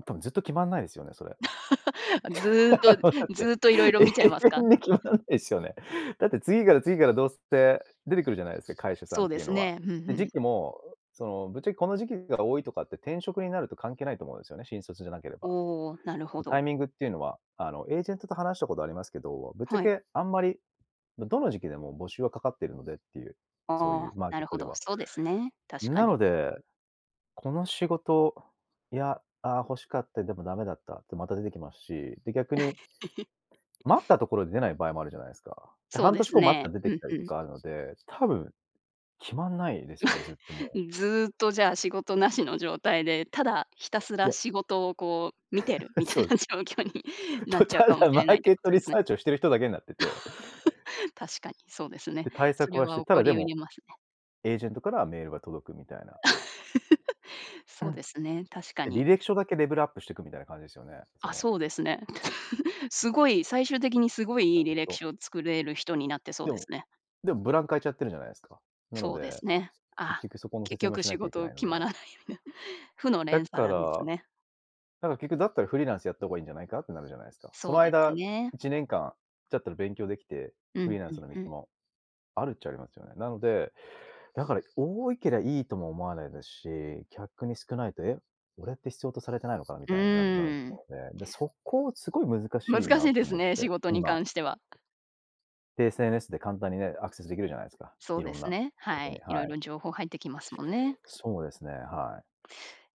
ん、多分ずっと決まんないですよね、それ。あ、ずっと、だっずて、っと色々永見ちゃいますか？遠に決まらないすよね。だって、次から次からどうすって、出てくるじゃないすか、会社さんそっうでていうすのは。ね。ふんふで、時ん。期も、その、ぶっちゃけこの時期が多いとかって転職になると関係ないと思うすよね、新卒じゃなければ。おお、なるほま、ど。タイミングっていうのは、あの、エージェントと話したことありますけど、ぶっちゃはい。けあんまり、だ、どの時期でも募集はかかってるのでっていう、そうあいう、あ、マーなケッるトほでど。はそうですね、確かなに。ので、この仕事、や、ああ、欲しかった、でもダメだったって、また出てきますし、で、逆に、す 待ったところで出ない場合もあるじゃないすか？で、そう半で年す後待ったね。ら出てうきん、たふりとん。かあるので、多分、決まんないですよね、ずっとも う。ずっとじゃあ、仕事無しの状態で、ただひたすいらや仕事をこう、見てる みたいそうでなす。状況になっと、ちゃうたかもしだマれなーいというケこットとリですね。サーチをしてる人だけなってて 確かにそうですね。で、対そ策れはしはて、起たこだでりうも、りますね。エージェントからはメールが届くみたいな。うそうん。ですね、確かで、履に。歴書だけレベルアップしてくみたいな感じですよね。そあ、のそうですね。すごい、最終的にすごちいゃいいん履歴と。書を作れる人になってそうでですも、ね。でもブランク空いちゃってるじゃないですか。なのそうでで、すね。結ああ、局そこの結説明を局し仕なきゃいけ事ないの決で。まらないような、負のだ連鎖から、なんですだね。から結局だったらフリーランスやった方がいいんじゃないか？ってなるじゃないすか。そそのうです間、ね。1年間じゃったら勉強できて、うフリん、ーランふスんのふ道ん。も、あるっちゃありますよね。なので、だから多いけりゃいいとも思わないですし、きゃくに少ないと、え？俺って必要とされてないのかな？みうたいななるなるとーん。思うので、で、そこをすごい難しい難なしいでとす思っね、仕て、事に今。関しては。で、SNS で簡単にね、アクセス出来るじゃないすか、そう色でんすなね、こはとに、い、は色い。々情報入ってきますもんね。そうですね。はい。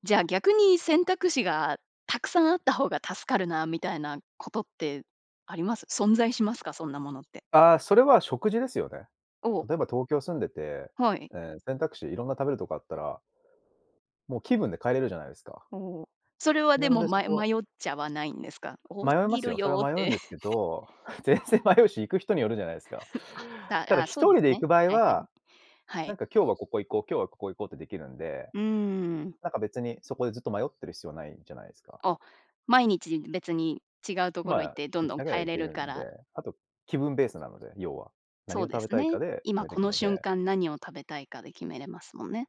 じゃあ、逆に、選択肢がたくさんあった方が助かるな、みたいなことってあります？存在しますか？そんなものって。ああ、それは食事ですよね。おお。例えば東京住んでて、はい。ええ、選択肢、いろんな食べるとこあったらもう気分で変えれるじゃないすか。おお、それはなでのも、で、そまよこ迷っちゃわないんですか？多はす迷いまぎするよ、それよはっ迷うて。んですけ ど、全然迷うし、行く人によるじゃないですか。あ、たただあ、一そうで人で行ね。く場合はいはい。は、はない。んか今日はここ行こう、今日はここ行こうってできるんで。うーん。なんか別に、そこでずっと迷ってる必要ないじゃないすか。あ、毎日、別に違うところま行っあ、て、ど行んきどんながら変え行れけるるかんで、ら。あと、気分ベースなので、要は。そ何をうで食べすたいね、かで決今めてこくのの瞬で。間何を食べたいかで決めれますもんね。